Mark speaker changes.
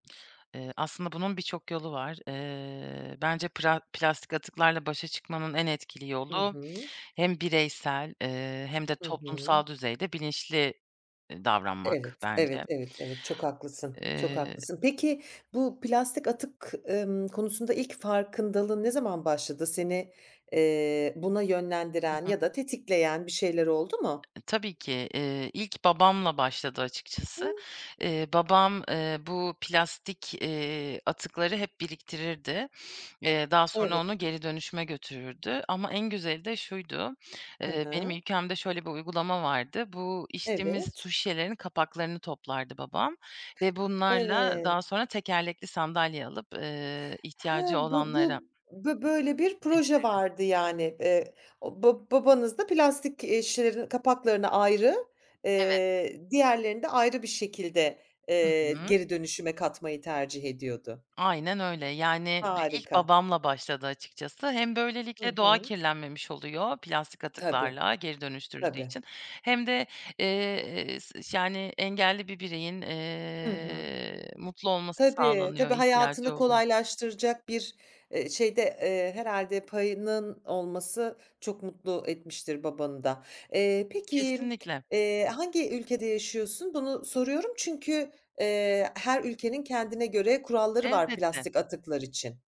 Speaker 1: Eee, aslında bunun birçok yolu var. Eee, bence pra plastik atıklarla başa çıkmanın en etkili
Speaker 2: Hı
Speaker 1: yolu
Speaker 2: hı.
Speaker 1: hem bireysel, eee, hem de
Speaker 2: Hı hı.
Speaker 1: toplumsal düzeyde bilinçli, eee, davranmak
Speaker 2: Evet, evet,
Speaker 1: bence.
Speaker 2: evet, evet, çok haklısın, çok
Speaker 1: Eee
Speaker 2: haklısın. Peki bu plastik atık, ımm, konusunda ilk farkındalığın ne zaman başladı? Seni, eee, buna
Speaker 1: Hı
Speaker 2: yönlendiren
Speaker 1: hı.
Speaker 2: ya da tetikleyen bir şeyler oldu mu?
Speaker 1: E, tabii ki. Eee, ilk babamla başladı açıkçası.
Speaker 2: Hımm.
Speaker 1: Eee, babam, eee, bu plastik, eee, atıkları hep biriktirirdi. Eee, daha sonra
Speaker 2: Evet.
Speaker 1: onu geri dönüşüme götürürdü ama en güzeli de şuydu:
Speaker 2: Ha
Speaker 1: Eee, benim
Speaker 2: ha.
Speaker 1: ülkemde şöyle bir uygulama vardı, bu içtiğimiz su
Speaker 2: Evet.
Speaker 1: şişelerinin kapaklarını toplardı babam ve bunlarla
Speaker 2: Evet.
Speaker 1: daha sonra tekerlekli sandalye alıp, eee,
Speaker 2: Ha,
Speaker 1: ihtiyacı
Speaker 2: bu
Speaker 1: olanlara
Speaker 2: bu bö böyle bir proje
Speaker 1: verilirdi.
Speaker 2: vardı, yani. Eee, o ba babanız da plastik, eee, şişelerinin kapaklarını ayrı,
Speaker 1: Evet.
Speaker 2: eee, diğerlerini de ayrı bir şekilde,
Speaker 1: Hı
Speaker 2: eee,
Speaker 1: hı.
Speaker 2: geri dönüşüme katmayı tercih ediyordu.
Speaker 1: Aynen öyle yani bir ilk
Speaker 2: Harika.
Speaker 1: babamla başladı açıkçası. Hem
Speaker 2: Hı
Speaker 1: böylelikle doğa
Speaker 2: hı.
Speaker 1: kirlenmemiş oluyor plastik
Speaker 2: Tabii.
Speaker 1: atıklarla geri dönüştürüldüğü
Speaker 2: Tabii.
Speaker 1: için hem de, eee, s ş yani engelli bir bireyin,
Speaker 2: Hı hı.
Speaker 1: eee, mutlu olması
Speaker 2: Tabii,
Speaker 1: sağlanıyor,
Speaker 2: tabii,
Speaker 1: ihtiyacı
Speaker 2: hayatını
Speaker 1: oluyor.
Speaker 2: kolaylaştıracak bir, eee, şeyde, eee, herhâlde payının olması çok mutlu etmiştir babanı da. Eee, peki m
Speaker 1: Kesinlikle.
Speaker 2: eee, hangi ülkede yaşıyorsun? Bunu soruyorum çünkü, eee, her ülkenin kendine göre kuralları var
Speaker 1: Elbette.
Speaker 2: plastik atıklar için.